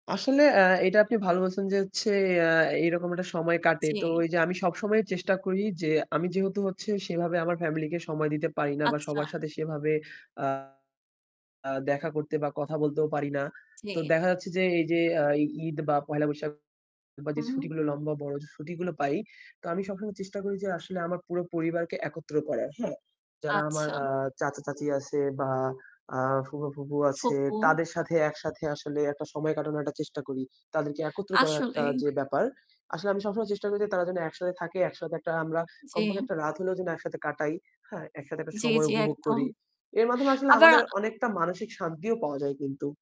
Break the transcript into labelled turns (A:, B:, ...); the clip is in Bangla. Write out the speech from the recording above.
A: আসলে আ এটা আপনি ভালো বলছেন যে, হচ্ছে এ আ এইরকম একটা সময় কাটে। তো ওই
B: জি।
A: যে আমি সব সময় চেষ্টা করি যে, আমি যেহেতু হচ্ছে সেভাবে আমার family কে সময় দিতে পারি না বা
B: আচ্ছা।
A: সবার সাথে সেভাবে আ আ দেখা করতে বা কথা বলতেও পারি না। তো
B: জি।
A: দেখা যাচ্ছে যে, এই যে আ ঈদ বা পয়লা বৈশাখ বা যে
B: হুম।
A: ছুটিগুলো লম্বা বড় যে ছুটিগুলো পাই, তো আমি সবসময় চেষ্টা করি যে, আসলে আমার পুরো পরিবারকে একত্র করার। হ্যাঁ, যারা আমার
B: আচ্ছা।
A: আ চাচা-চাচী আছে বা আ ফুপা-ফুফু আছে
B: ফুপু।
A: তাদের সাথে একসাথে আসলে একটা সময় কাটানোর একটা চেষ্টা করি। তাদেরকে একত্র করার একটা
B: আসলেই।
A: যে ব্যাপার আসলে আমি সবসময় চেষ্টা করি যে তারা যেন একসাথে থাকে। একসাথে একটা আমরা কমপক্ষে
B: জি।
A: একটা রাত হলেও যেন একসাথে কাটাই, হ্যাঁ? একসাথে একটা
B: জি,
A: সময়
B: জি
A: উপভোগ
B: একদম।
A: করি। এর মাধ্যমে আসলে
B: আবার
A: আমাদের অনেকটা মানসিক শান্তিও পাওয়া যায় কিন্তু।